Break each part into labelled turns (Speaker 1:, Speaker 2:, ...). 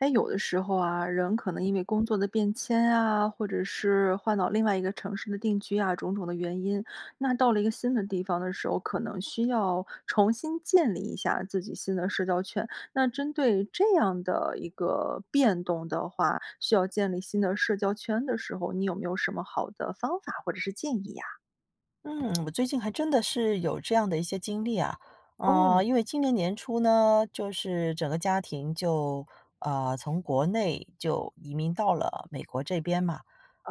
Speaker 1: 诶，有的时候啊，人可能因为工作的变迁啊，或者是换到另外一个城市的定居啊，种种的原因。那到了一个新的地方的时候，可能需要重新建立一下自己新的社交圈。那针对这样的一个变动的话，需要建立新的社交圈的时候，你有没有什么好的方法或者是建议呀？
Speaker 2: 嗯，我最近还真的是有这样的一些经历啊。呃，
Speaker 1: 哦。
Speaker 2: 因为今年年初呢，就是整个家庭就，呃，从国内就移民到了美国这边嘛。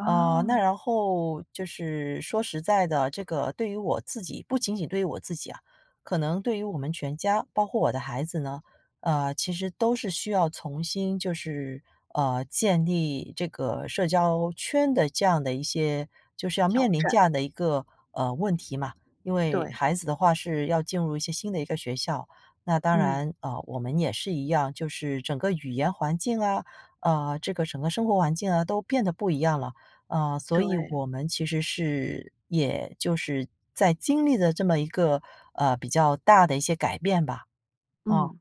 Speaker 2: 呃，那然后，就是说实在的，这个对于我自己不仅仅对于我自己啊，可能对于我们全家，包括我的孩子呢，呃，其实都是需要重新就是，呃，建立这个社交圈的这样的一些就是要
Speaker 1: 挑
Speaker 2: 面临
Speaker 1: 战。
Speaker 2: 这样的一个，呃，问题嘛。因为
Speaker 1: 对。
Speaker 2: 孩子的话是要进入一些新的一个学校，那当
Speaker 1: 嗯。
Speaker 2: 然，呃，我们也是一样。就是整个语言环境啊，呃，这个整个生活环境啊，都变得不一样了。呃，所以
Speaker 1: 对。
Speaker 2: 我们其实是也就是在经历着这么一个，呃，比较大的一些改变吧，嗯。
Speaker 1: 嗯。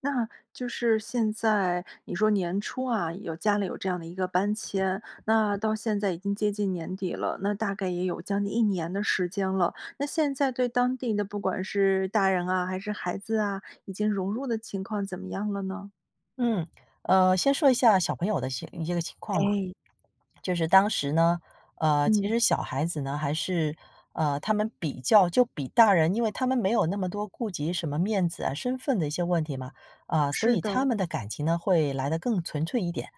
Speaker 1: 那就是现在你说年初啊有家里有这样的一个搬迁，那到现在已经接近年底了，那大概也有将近1年的时间了，那现在对当地那不管是大人啊还是孩子啊，已经融入的情况怎么样了呢？
Speaker 2: 嗯，呃，先说一下小朋友的一些一些个情况嘛。
Speaker 1: 哎。
Speaker 2: 就是当时呢呃，其
Speaker 1: 嗯。
Speaker 2: 实小孩子呢，还是呃，他们比较就比大人因为他们没有那么多顾及什么面子啊、身份的一些问题嘛，啊，所
Speaker 1: 是
Speaker 2: 以他
Speaker 1: 的。
Speaker 2: 们的感情呢，会来得更纯粹一点。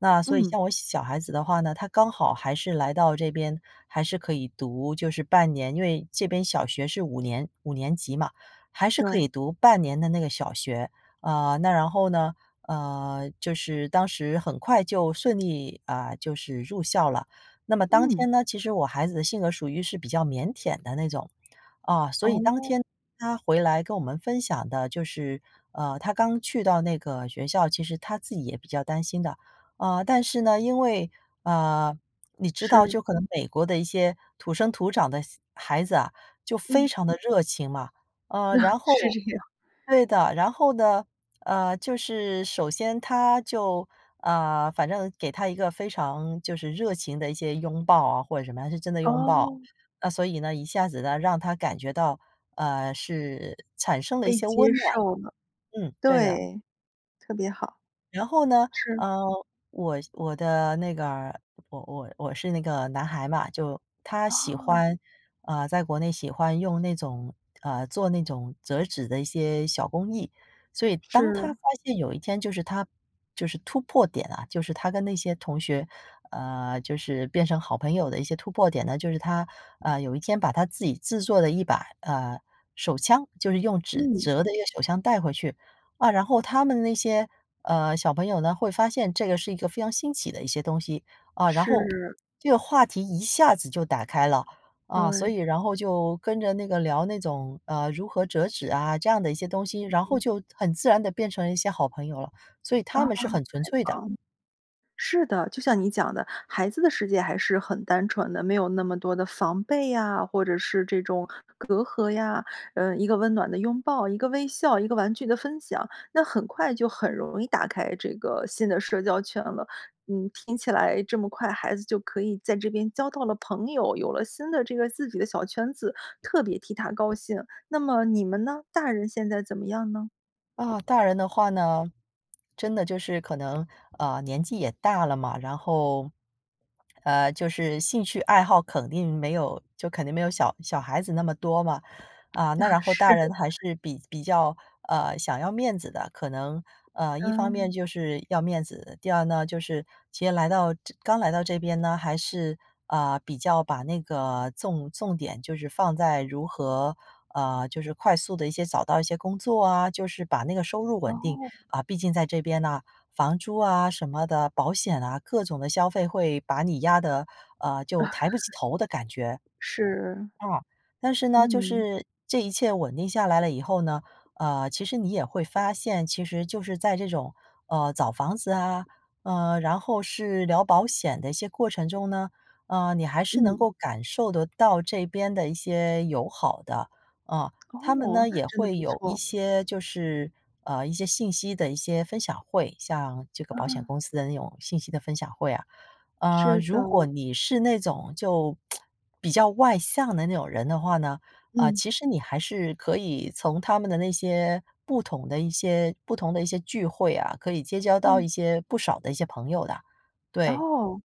Speaker 2: 那所以
Speaker 1: 嗯。
Speaker 2: 像我小孩子的话呢，他刚好还是来到这边，还是可以读就是半年，因为这边小学是5年5年级嘛，还是可
Speaker 1: 对。
Speaker 2: 以读半年的那个小学。啊，那然后呢，呃，就是当时很快就顺利啊，就是入校了。那么当
Speaker 1: 嗯。
Speaker 2: 天呢，其实我孩子的性格属于是比较腼腆的那种。啊，所以当
Speaker 1: 哦。
Speaker 2: 天他回来跟我们分享的就是，呃，他刚去到那个学校，其实他自己也比较担心的。呃，但是呢，因为呃，你知道
Speaker 1: 是。
Speaker 2: 就可能美国的一些土生土长的小孩子啊，就非
Speaker 1: 嗯。
Speaker 2: 常地热情嘛。呃，然后
Speaker 1: 是这样。
Speaker 2: 对的，然后呢，呃，就是首先他就呃，反正给他一个非常就是热情的一些拥抱啊或者什么，他是真的拥抱。
Speaker 1: 哦。
Speaker 2: 那所以呢，一下子呢，让他感觉到，呃，是产生了一
Speaker 1: 被
Speaker 2: 些
Speaker 1: 接
Speaker 2: 温暖
Speaker 1: 受
Speaker 2: 吧。
Speaker 1: 了。
Speaker 2: 嗯，对的。
Speaker 1: 对，特别好。
Speaker 2: 然后呢，
Speaker 1: 是。
Speaker 2: 呃，我我的那个儿我我我是那个男孩嘛就他喜
Speaker 1: 哦。
Speaker 2: 欢呃，在国内喜欢用那种呃，做那种折纸的一些小工艺。所以当他
Speaker 1: 是。
Speaker 2: 发现有一天就是他就是突破点啊，就是他跟那些同学呃，就是变成好朋友的一些突破点呢，就是他，呃，有一天把他自己制作的一把，呃，手枪就是用纸
Speaker 1: 嗯。
Speaker 2: 折的一个手枪带回去。啊，然后他们那些，呃，小朋友呢，会发现这个是一个非常新奇的一些东西，啊，然后，
Speaker 1: 是。
Speaker 2: 这个话题一下子就打开了。啊，所
Speaker 1: 对。
Speaker 2: 以然后就跟着那个聊那种，呃，如何折纸啊这样的一些东西，然后
Speaker 1: 嗯。
Speaker 2: 就很自然地变成了一些好朋友了，所以
Speaker 1: 啊，
Speaker 2: 他
Speaker 1: 太
Speaker 2: 们是很纯粹的。
Speaker 1: 棒了。是的，就像你讲的，孩子的世界还是很单纯的，没有那么多的防备呀，或者是这种隔阂呀。呃，一个温暖的拥抱，一个微笑，一个玩具的分享，那很快就很容易打开这个新的社交圈了。嗯，听起来这么快孩子就可以在这边交到了朋友，有了新的这个自己的小圈子，特别替他高兴。那么你们呢？大人现在怎么样呢？
Speaker 2: 啊，大人的话呢。真的就是可能，呃，年纪也大了嘛，然后，呃，就是兴趣爱好肯定没有就肯定没有小小孩子那么多嘛。啊，那
Speaker 1: 啊，
Speaker 2: 然后
Speaker 1: 是。
Speaker 2: 大人还是比比较，呃，想要面子的，可能，呃，一方面
Speaker 1: 嗯。
Speaker 2: 就是要面子，第儿呢就是其实来到这刚来到这边呢还是，呃，比较把那个重重点就是放在如何呃，就是快速地一些找到一些工作啊，就是把那个收入稳定。
Speaker 1: 哦。
Speaker 2: 啊，毕竟在这边呐，房租啊什么的，保险啊，各种的消费会把你压得，呃，就抬不起 头的感觉。
Speaker 1: 是。
Speaker 2: 啊，但是呢就
Speaker 1: 嗯。
Speaker 2: 是，这一切稳定下来了以后呢，呃，其实你也会发现，其实就是在这种，呃，找房子啊，呃，然后是聊保险的一些过程中呢，呃，你还是能
Speaker 1: 嗯。
Speaker 2: 够感受得到这边的一些友好的，嗯。他们
Speaker 1: 哦，
Speaker 2: 呢
Speaker 1: 那
Speaker 2: 也
Speaker 1: 真的
Speaker 2: 会
Speaker 1: 不
Speaker 2: 有一
Speaker 1: 错。
Speaker 2: 些就是呃，一些信息的一些分享会，像这个保险
Speaker 1: 啊。
Speaker 2: 公司的那种信息的分享会啊。呃，
Speaker 1: 是的。
Speaker 2: 如果你是那种就 比较外向的那种人的话呢，呃，
Speaker 1: 嗯。
Speaker 2: 其实你还是可以从他们的那些不同的一些不同的一些聚会啊，可以结交到
Speaker 1: 嗯。
Speaker 2: 一些不少的一些朋友的，对。
Speaker 1: 哦，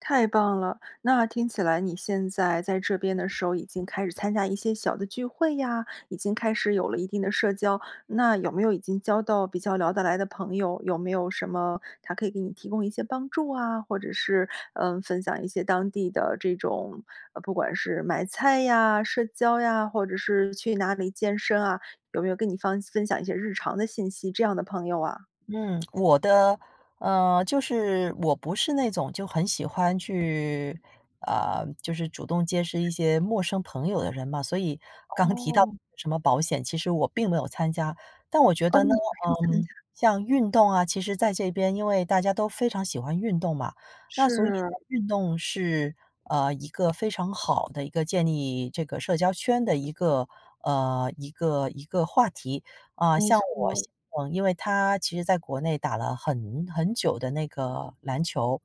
Speaker 1: 太棒了。那听起来你现在在这边的时候已经开始参加一些小的聚会呀，已经开始有了一定的社交。那有没有已经交到比较聊得来的朋友，有没有什么他可以给你提供一些帮助啊，或者是，呃，分享一些当地的这种，不管是买菜呀，社交呀，或者是去哪里健身啊，有没有跟你方分享一些日常的信息，这样的朋友啊？
Speaker 2: 嗯，我的呃，就是，我不是那种就很喜欢去呃，就是主动结识一些陌生朋友的人嘛。所以刚提到
Speaker 1: 哦。
Speaker 2: 什么保险，其实我并没有参加。但我觉
Speaker 1: 哦，
Speaker 2: 得
Speaker 1: 你
Speaker 2: 呢，
Speaker 1: 没有参加。
Speaker 2: 嗯，像运动啊，其实在这边因为大家都非常喜欢运动嘛。那所以呢
Speaker 1: 是。
Speaker 2: 运动是，呃，一个非常好的一个建立这个社交圈的一个呃，一个一个话题。啊，
Speaker 1: 没
Speaker 2: 像我先
Speaker 1: 错。
Speaker 2: 生，因为他其实在国内打了很很久的那个篮球，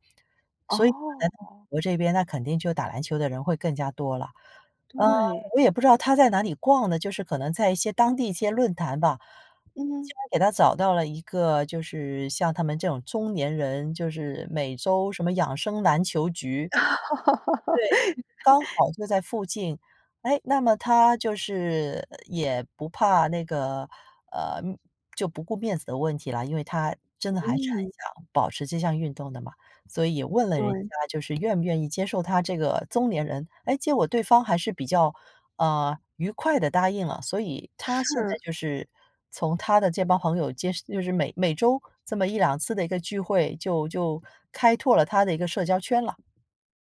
Speaker 2: 所以来美
Speaker 1: 哦。
Speaker 2: 国这边那肯定就打篮球的人会更加多了。呃，
Speaker 1: 对。
Speaker 2: 我也不知道他在哪里逛的，就是可能在一些当地一些论坛吧。竟
Speaker 1: 嗯。
Speaker 2: 然给他找到了一个就是像他们这种中年人，就是每周什么养生篮球局。对，刚 好就在附近。哎，那么他就是也不怕那个呃，就不顾面子的问题了，因为他真的还是很
Speaker 1: 嗯。
Speaker 2: 想保持这项运动的嘛。所以也问了人
Speaker 1: 对。
Speaker 2: 家就是愿不愿意接受他这个中年人，诶，结果对方还是比较，呃，愉快地答应了。所以他现在
Speaker 1: 是。
Speaker 2: 就是从他的这帮朋友结识就是每每周这么1-2次的一个聚会就就开拓了他的一个社交圈了。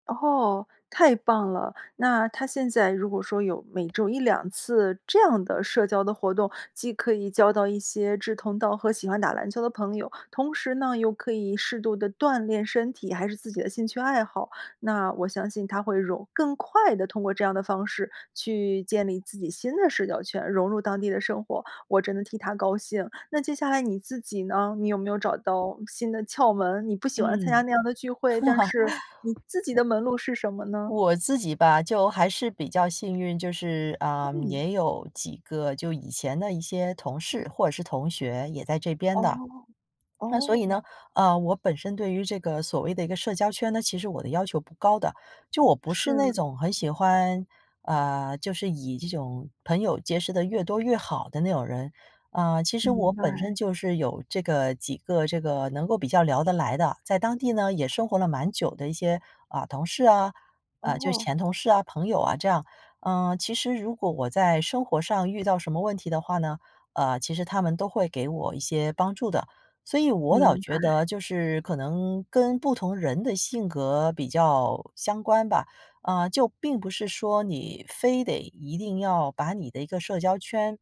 Speaker 1: 哦，太棒了！那它他现在如果说有每周一两次这样的社交的活动，既可以交到一些志同道合，喜欢打篮球的朋友，同时呢，又可以适度地锻炼身体，还是自己的兴趣爱好。那我相信，他会融更快地通过这样的方式去建立自己新的社交圈，融入当地的生活，我真的替他高兴。那接下来你自己呢？你有没有找到新的窍门，你不喜欢参
Speaker 2: 嗯。
Speaker 1: 加那样的聚会，但是你自己 的门路是什么呢？
Speaker 2: 我自己吧，就还是比较幸运，就是，呃，
Speaker 1: 嗯。
Speaker 2: 也有几个就以前的一些同事或者是同学也在这边的。
Speaker 1: 哦，
Speaker 2: 那所以呢，
Speaker 1: 哦。
Speaker 2: 呃，我本身对于这个所谓的一个社交圈呢，其实我的要求不高的，就我不是那
Speaker 1: 是。
Speaker 2: 总很喜欢呃，就是以这种朋友结识得越多越好的那种人。呃，其实我
Speaker 1: 明
Speaker 2: 本
Speaker 1: 白。
Speaker 2: 身就是有这个几个这个能够比较聊得来的，在当地呢也生活了蛮久的一些，啊，同事啊呃，就
Speaker 1: 哦。
Speaker 2: 前同事啊、朋友啊这样。呃，其实如果我在生活上遇到什么问题的话呢，呃，其实他们都会给我一些帮助的。所以我倒
Speaker 1: 明
Speaker 2: 觉得
Speaker 1: 白。
Speaker 2: 就是可能跟不同人的性格比较相关吧，啊，就并不是说你非得一定要把你的一个社交圈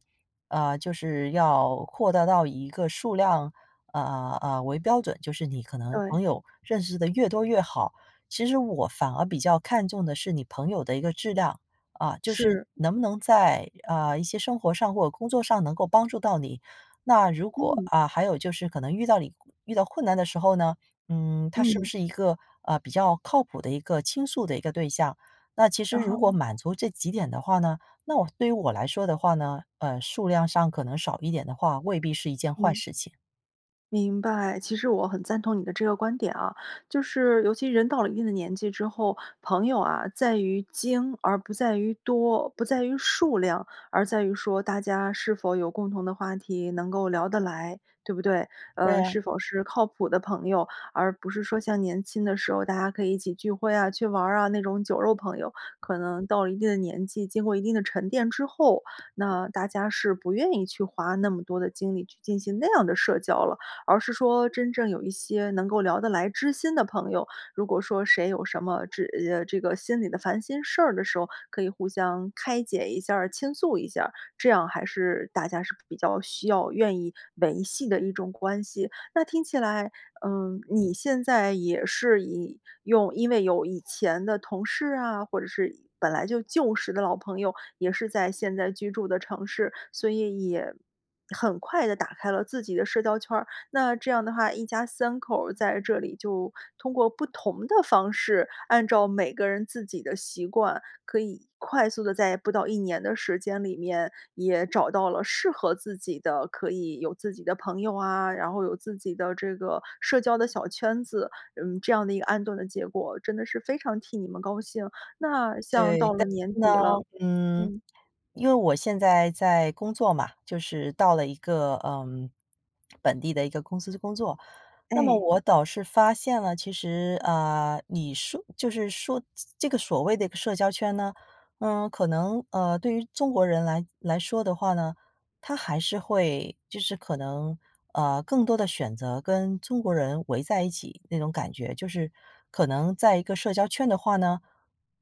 Speaker 2: 呃，就是要扩大到一个数量，啊，呃，为标准，就是你可能朋
Speaker 1: 对。
Speaker 2: 友认识得越多越好。其实我反而比较看重的是你朋友的一个质量，啊，就是
Speaker 1: 是。
Speaker 2: 能不能在，呃，一些生活上或者工作上能够帮助到你。那如果
Speaker 1: 嗯。
Speaker 2: 啊，还有就是可能遇到你遇到困难的时候呢，嗯，他是不
Speaker 1: 嗯。
Speaker 2: 是一个，啊，比较靠谱的一个倾诉的一个对象。那其实如果
Speaker 1: 哦。
Speaker 2: 满足这几点的话呢，那我对于我来说的话呢，呃，数量上可能少一点的话，未必是一件坏
Speaker 1: 嗯。
Speaker 2: 事情。
Speaker 1: 明白，其实我很赞同你的这个观点啊。就是尤其人到了一定的年纪之后，朋友啊在于精而不在于多，不在于数量，而在于说大家是否有共同的话题，能够聊得来，对不对？
Speaker 2: 对
Speaker 1: 呃，
Speaker 2: 啊。
Speaker 1: 是否是靠谱的朋友，而不是说像年轻的时候，大家可以一起聚会啊，去玩儿啊，那种酒肉朋友。可能到了一定的年纪，经过一定的沉淀之后，那大家是不愿意去花那么多的精力去进行那样的社交了。而是说真正有一些能够聊得来知心的朋友，如果说谁有什么知呃，这个心里的烦心事儿的时候，可以互相开解一下儿、倾诉一下儿，这样还是大家是比较需要愿意维系的一种关系。那听起来，呃，你现在也是以用因为有以前的同事啊，或者是以本来就旧时的老朋友，也是在现在居住的城市，所以也很快地打开了自己的社交圈儿。那这样的话，一家3口儿在这里就通过不同的方式，按照每个人自己的习惯，可以快速地在不到1年的时间里面，也找到了适合自己的，可以有自己的朋友啊，然后有自己的这个社交的小圈子，嗯，这样的一个安顿的结果，真的是非常替你们高兴。那像到
Speaker 2: 对，
Speaker 1: 了
Speaker 2: 但
Speaker 1: 年
Speaker 2: 是呢。
Speaker 1: 底了
Speaker 2: 嗯，
Speaker 1: 嗯。
Speaker 2: 因为我现在在工作嘛，就是到了一个，呃，本地的一个公司工作。那么
Speaker 1: 哎。
Speaker 2: 我倒是发现了，其实，呃，你说就是说这这个所谓的一个社交圈呢，呃，可能，呃，对于中国人来来说的话呢，它还是会就是可能，呃，更多地选择跟中国人围在一起那种感觉。就是可能在一个社交圈的话呢，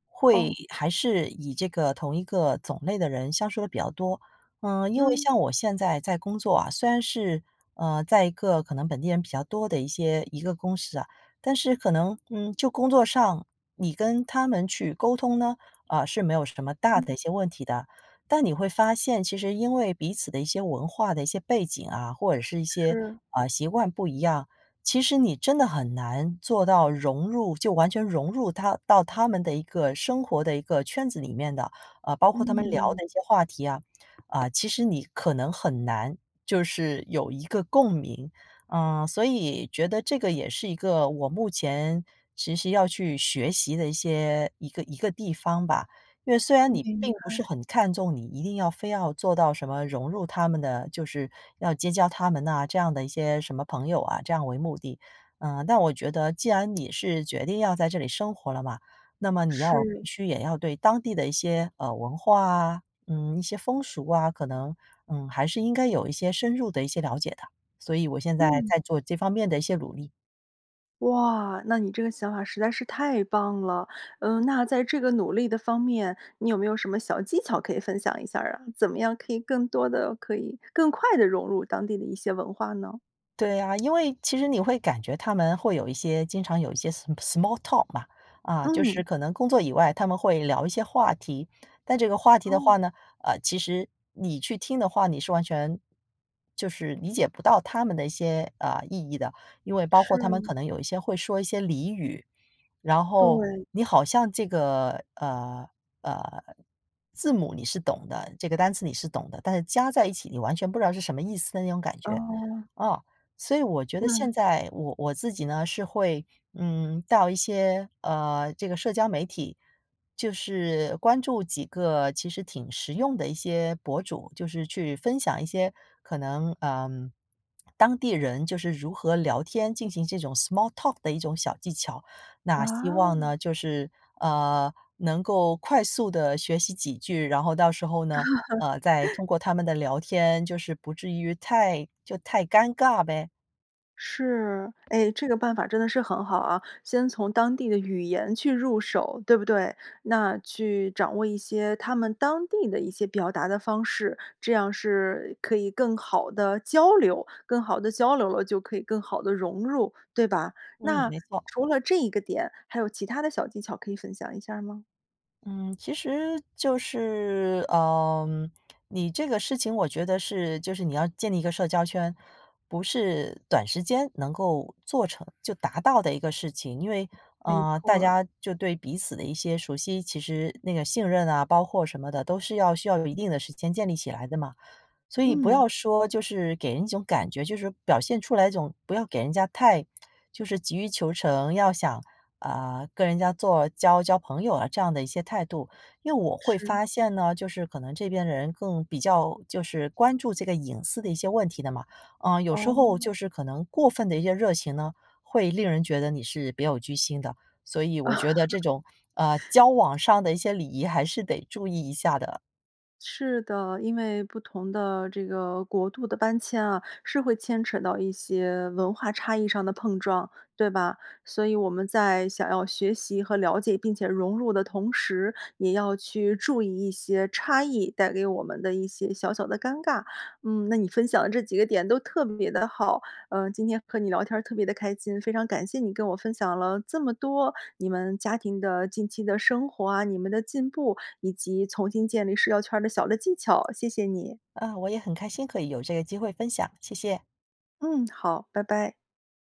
Speaker 2: 会
Speaker 1: 哦。
Speaker 2: 还是以这个同一个种类的人相处得比较多。嗯，因为
Speaker 1: 嗯。
Speaker 2: 像我现在在工作啊，虽然是，呃，在一个可能本地人比较多的一些一个公司啊，但是可能，嗯，就工作上你跟他们去沟通呢，呃，是没有什么大
Speaker 1: 嗯。
Speaker 2: 的一些问题的。但你会发现，其实因为彼此的一些文化的一些背景啊，或者是一些，
Speaker 1: 是。
Speaker 2: 啊，习惯不一样，其实你真的很难做到融入就完全融入它到他们的一个生活的一个圈子里面的。啊，包括他们聊
Speaker 1: 嗯。
Speaker 2: 的一些话题啊，啊，其实你可能很难，就是有一个共鸣。呃，所以觉得这个也是一个我目前其实要去学习的一些一个一个地方吧，因为虽然
Speaker 1: 嗯，
Speaker 2: 你
Speaker 1: 明
Speaker 2: 并不是
Speaker 1: 白。
Speaker 2: 很看重你一定要非要做到什么融入他们的就是要结交他们呐，这样的一些什么朋友啊，这样为目的。呃，但我觉得既然你是决定要在这里生活了嘛，那么你要必
Speaker 1: 是。
Speaker 2: 须也要对当地的一些，呃，文化啊，嗯，一些风俗啊，可能，嗯，还是应该有一些深入的一些了解的。所以我现在
Speaker 1: 嗯。
Speaker 2: 在做这方面的一些努力。
Speaker 1: 哇，那你这个想法实在是太棒了！嗯，那在这个努力的方面，你有没有什么小技巧可以分享一下儿呀？怎么样可以更多地可以更快地融入当地的一些文化呢？
Speaker 2: 对啊，因为其实你会感觉他们会有一些经常有一些 s small talk 嘛，啊，就是
Speaker 1: 嗯。
Speaker 2: 可能工作以外，他们会聊一些话题。但这个话题的
Speaker 1: 哦。
Speaker 2: 话呢，呃，其实你去听的话，你是完全，就是理解不到他们的一些，呃，意义的。因为包括他们
Speaker 1: 是。
Speaker 2: 可能有一些会说一些俚语，然后
Speaker 1: 对。
Speaker 2: 你好像这个，呃呃，字母你是懂的这个单词你是懂的，但是加在一起你完全不知道是什么意思的那种感觉，
Speaker 1: 哦。
Speaker 2: 哦。所以我觉得
Speaker 1: 嗯。
Speaker 2: 现在我我自己呢，是会，嗯，到一些，呃，这个社交媒体，就是关注几个其实挺实用的一些博主，就是去分享一些可能，呃，当地人就是如何聊天，进行这种 small talk 的一种小技巧。那希望呢，
Speaker 1: 啊。
Speaker 2: 就是，呃，能够快速地学习几句，然后到时候呢，呃，再 通过他们的聊天，就是不至于太就太尴尬呗。
Speaker 1: 是，诶，这个办法真的是很好啊，先从当地的语言去入手，对不对？那去掌握一些他们当地的一些表达的方式，这样是可以更好地交流。更好地交流了，就可以更好地融入，对吧？
Speaker 2: 嗯，
Speaker 1: 那
Speaker 2: 没错。
Speaker 1: 除了这一个点，还有其它的小技巧可以分享一下吗？
Speaker 2: 嗯，其实就是，呃，你这个事情我觉得是就是你要建立一个社交圈，不是短时间能够做成就达到的一个事情。因为，
Speaker 1: 没
Speaker 2: 呃，
Speaker 1: 错
Speaker 2: 大
Speaker 1: 儿。
Speaker 2: 家就对彼此的一些熟悉，其实那个信任啊，包括什么的都是要需要有一定的时间建立起来的嘛。所以不
Speaker 1: 嗯。
Speaker 2: 要说就是给人一种感觉就是表现出来一种不要给人家太就是急于求成，要想，呃，跟人家做交交朋友啊这样的一些态度。因为我会
Speaker 1: 是。
Speaker 2: 发现呢，就是可能这边的人更比较就是关注这个隐私的一些问题的嘛。呃，有时候
Speaker 1: 哦。
Speaker 2: 就是可能过分的一些热情呢，会令人觉得你是别有居心的。所以我觉得这 种，呃，交往上的一些礼仪还是得注意一下的。
Speaker 1: 是的，因为不同的这个国度的搬迁啊，是会牵扯到一些文化差异上的碰撞，对吧？所以我们在想要学习和了解并且融入的同时，也要去注意一些差异带给我们的一些小小的尴尬。嗯，那你分享的这几个点都特别地好，呃，今天和你聊天儿特别地开心。非常感谢你跟我分享了这么多你们家庭的近期的生活啊，你们的进步以及重新建立社交圈儿的小的技巧，谢谢你。
Speaker 2: 嗯，我也很开心可以有这个机会分享，谢谢。
Speaker 1: 嗯，好，拜拜。